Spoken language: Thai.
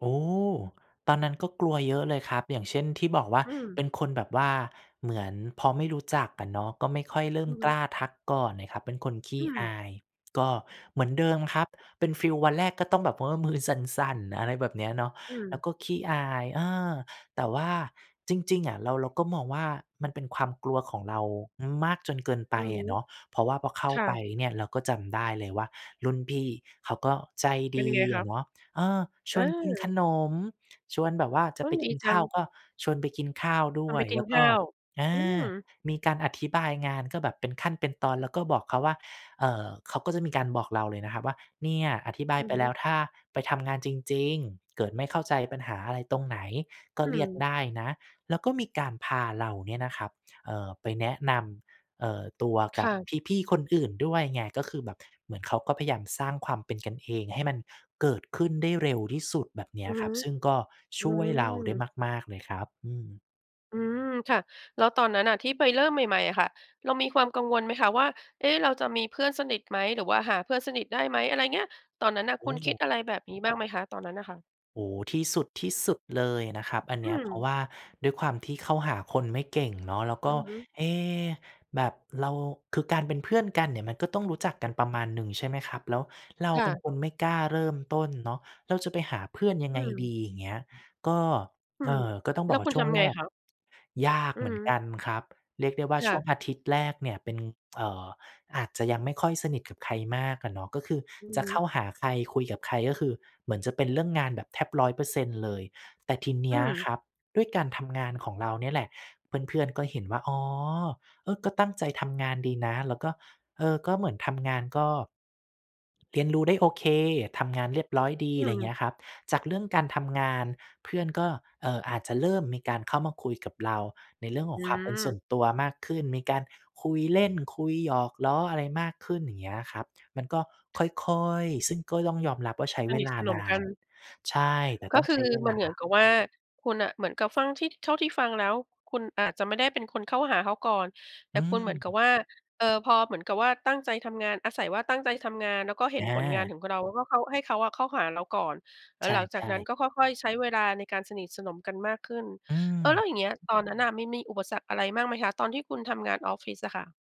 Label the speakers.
Speaker 1: โอ้ ตอนนั้น ก็กลัวเยอะเลยครับ อย่างเช่น ที่บอกว่า
Speaker 2: อื
Speaker 1: เป
Speaker 2: ม
Speaker 1: ็นคนแบบว่าเหมือนพอไม่รู้จักอะเนาะ ก็ไม่ค่อยเริ่
Speaker 2: อ
Speaker 1: ม
Speaker 2: ือฮ
Speaker 1: ก
Speaker 2: ึ
Speaker 1: ล้าทักก่อนน่ะครับ เป็นคนข
Speaker 2: อ
Speaker 1: ี
Speaker 2: ื
Speaker 1: ้อ
Speaker 2: ม
Speaker 1: าย ก็เหมือนเดิมครับ เป็นฟีลวันแรก ก็ต้องแบบว่ามือสั่น ๆ อะไรแบบเนี้ยเนาะ
Speaker 2: อื
Speaker 1: แล้ว
Speaker 2: ม
Speaker 1: ก็ขี้อาย อา แต่ว่า จริง ๆ อะเรา เราก็มองว่า มันเป็นความกลัวของเรามากจนเกินไป
Speaker 2: อือฮ
Speaker 1: อ
Speaker 2: ึ
Speaker 1: ะเนาะ เพราะว่าพอเข้า
Speaker 2: ค่
Speaker 1: ไป
Speaker 2: ะ
Speaker 1: เนี่ย เราก็จำได้เลยว่า รุ่นพี่เขาก็ใจ
Speaker 2: เป็
Speaker 1: ด
Speaker 2: นยั
Speaker 1: ี
Speaker 2: งไงค
Speaker 1: อ
Speaker 2: ะ?
Speaker 1: ะเนาะ เออ ชวนกินข
Speaker 2: เออ
Speaker 1: นมชวนแบบว่า จะ
Speaker 2: เฮ้
Speaker 1: ไป
Speaker 2: ย ด
Speaker 1: ก
Speaker 2: ี
Speaker 1: ิน
Speaker 2: จ
Speaker 1: ข
Speaker 2: ั
Speaker 1: ้า
Speaker 2: ง
Speaker 1: ว ก็ชวนไปกินข้าวด
Speaker 2: พ
Speaker 1: ้
Speaker 2: า
Speaker 1: ว
Speaker 2: ไป
Speaker 1: ย
Speaker 2: กิ
Speaker 1: แ
Speaker 2: น
Speaker 1: ล้ว
Speaker 2: ข
Speaker 1: ก็
Speaker 2: ้าว
Speaker 1: อา
Speaker 2: อืม
Speaker 1: มีการอธิบายงาน ก็แบบเป็นขั้น เป็นตอน แล้วก็บอกเขาว่า เอ่อ เขาก็จะมีการบอกเราเลยนะครับว่า "เนี่ยอธิบา
Speaker 2: อ
Speaker 1: ย
Speaker 2: ื
Speaker 1: ไ
Speaker 2: อ
Speaker 1: ป
Speaker 2: ฮ
Speaker 1: แล้
Speaker 2: ึ
Speaker 1: ว ถ้าไปทำงานจริง ๆ เกิดไม่เข้าใจปัญหาอะไรตรงไหน ก็
Speaker 2: อื
Speaker 1: เรียก
Speaker 2: ม
Speaker 1: ได้นะ" แล้วก็มีการพาเราเนี่ยนะครับ เอ่อ ไปแนะนำ เอ่อ ตัว
Speaker 2: ค
Speaker 1: กั
Speaker 2: ่
Speaker 1: บ
Speaker 2: ะ
Speaker 1: พี่ ๆ คนอื่นด้วยไง ก็คือแบบเหมือนเขาก็พยายาม สร้างความเป็นกันเอง ให้มัน เกิดขึ้นได้เร็วที่สุดแบบเนี้
Speaker 2: อื
Speaker 1: ย
Speaker 2: อฮ
Speaker 1: คร
Speaker 2: ึ
Speaker 1: ับ ซึ่งก็
Speaker 2: อื
Speaker 1: ช่วยเรา
Speaker 2: อ
Speaker 1: ได้มาก ๆ เลยครับ อืม
Speaker 2: อืม ค่ะ แล้วตอนนั้นน่ะที่ไปเริ่มใหม่ ๆ อะค่ะ เรามีความกังวลไหมคะว่า เอ๊ะ เราจะมีเพื่อนสนิทไหม หรือว่าหาเพื่อนสนิทได้ไหม อะไรเงี้ย ตอนนั้นน่ะ
Speaker 1: โอ
Speaker 2: คุณคิ
Speaker 1: ้
Speaker 2: ดอะไรแบบนี้บ้างไหมคะ ตอนนั้นน่ะค่ะ?
Speaker 1: โอ้ ที่สุด ที่สุดเลยนะครับอันเ
Speaker 2: อื
Speaker 1: นี้ย เพราะ
Speaker 2: ม
Speaker 1: ว่า ด้วยความที่เข้าหาคนไม่เก่งเนาะ แล้ว
Speaker 2: อ
Speaker 1: ก
Speaker 2: ื
Speaker 1: ็
Speaker 2: อฮึ
Speaker 1: เอ๊ แบบเรา คือการเป็นเพื่อนกันเนี่ย มันก็ต้องรู้จักกันประมาณหนึ่ง ใช่ไหมครับ แล้วเรา
Speaker 2: ค่
Speaker 1: เป็น
Speaker 2: ะ
Speaker 1: คนไม่กล้าเริ่มต้นเนาะ เราจะไปหาเพื่อนยั
Speaker 2: อ
Speaker 1: ง
Speaker 2: ื
Speaker 1: ไง
Speaker 2: ม
Speaker 1: ดี อย่างเงี้ย ก็
Speaker 2: อื
Speaker 1: เอ
Speaker 2: ม
Speaker 1: ่อ ก็ต้อง
Speaker 2: แล
Speaker 1: บ
Speaker 2: ้
Speaker 1: อ
Speaker 2: ว
Speaker 1: กว่
Speaker 2: คุ
Speaker 1: า
Speaker 2: ณ
Speaker 1: ช่
Speaker 2: ท
Speaker 1: วง
Speaker 2: ำ
Speaker 1: แ
Speaker 2: ไ
Speaker 1: ร
Speaker 2: ง
Speaker 1: ก
Speaker 2: คะ?
Speaker 1: ยาก
Speaker 2: อื
Speaker 1: เ
Speaker 2: อ
Speaker 1: หมื
Speaker 2: ฮ
Speaker 1: อนก
Speaker 2: ึ
Speaker 1: ันครับ เรียกได้ว่า
Speaker 2: ค่
Speaker 1: ช่ว
Speaker 2: ะ
Speaker 1: งอาทิตย์แรกเนี่ยเป็น เอ่อ อาจจะยังไม่ค่อยสนิทกับใครมากอะเนาะ ก็คือ
Speaker 2: อือ
Speaker 1: จ
Speaker 2: ฮ
Speaker 1: ะเข้า
Speaker 2: ึ
Speaker 1: หาใคร คุยกับใครก็คือเหมือนจะเป็นเรื่องงานแบบแทบ 100% เลย แต่ทีเน
Speaker 2: อ
Speaker 1: ี้ย
Speaker 2: ืม
Speaker 1: ครับ ด้วยการทำงานของเราเนี่ยแหละ เพื่อน ๆ ก็เห็นว่า อ๋อ เออ ก็ตั้งใจทำงานดีนะ แล้วก็ เออ ก็เหมือนทำงานก็ เรียนรู้ได้โอเค ทำงานเรียบร้อยดี
Speaker 2: อื
Speaker 1: อะไรอย่างเงี
Speaker 2: ม
Speaker 1: ้ยครับ จากเรื่องการทำงาน เพื่อนก็ เอ่อ อาจจะเริ่มมีการเข้ามาคุยกับเรา ในเรื่องข
Speaker 2: อ
Speaker 1: อ
Speaker 2: ื
Speaker 1: งความเป็นส่
Speaker 2: ม
Speaker 1: วนตัวมากขึ้น มีการคุยเล่นคุยหยอกล้อ อะไรมากขึ้น อย่างเงี้ยครับ มันก็ค่อย ๆ ซึ่งก็ต้องยอมรับว่า ใช้
Speaker 2: ส
Speaker 1: เว
Speaker 2: นิท
Speaker 1: ลา
Speaker 2: สน
Speaker 1: น
Speaker 2: ม
Speaker 1: า
Speaker 2: กั
Speaker 1: น
Speaker 2: น
Speaker 1: ใช่ แต่
Speaker 2: ก็
Speaker 1: ต้อง
Speaker 2: ค
Speaker 1: ใ
Speaker 2: ื
Speaker 1: ช้
Speaker 2: อ
Speaker 1: เว
Speaker 2: มั
Speaker 1: ล
Speaker 2: นเหมือ
Speaker 1: า
Speaker 2: นกับว่า คุณน่ะเหมือนกับฟังที่ เท่าที่ฟังแล้ว คุณอาจจะไม่ได้เป็นคนเข้าหาเขาก่อน แต
Speaker 1: อ
Speaker 2: ่
Speaker 1: ื
Speaker 2: คุณเหมือนกับ
Speaker 1: ม
Speaker 2: ว่า เออ พอเหมือนกับว่า ตั้งใจทำงาน อาศัยว่าตั้งใจทำงาน แล้วก็เห็นผลงาน
Speaker 1: อา
Speaker 2: ของเรา แล้วก็เขา ให้เขาอะเข้าหาเราก่อน แล้
Speaker 1: ใ
Speaker 2: ว
Speaker 1: ช
Speaker 2: หลังจาก
Speaker 1: ่
Speaker 2: นั้น
Speaker 1: ๆ
Speaker 2: ก็ค่อย ๆ ใช้เวลา ในการสนิทสนมกันมากขึ้น
Speaker 1: อื
Speaker 2: เออ แล้
Speaker 1: ม
Speaker 2: วอย่างเงี้ย ตอนนั้นน่ะ มันมีอุปสรรคอะไรบ้างไหมคะ ตอนที่คุณทำงานออฟฟิศอะค่ะ?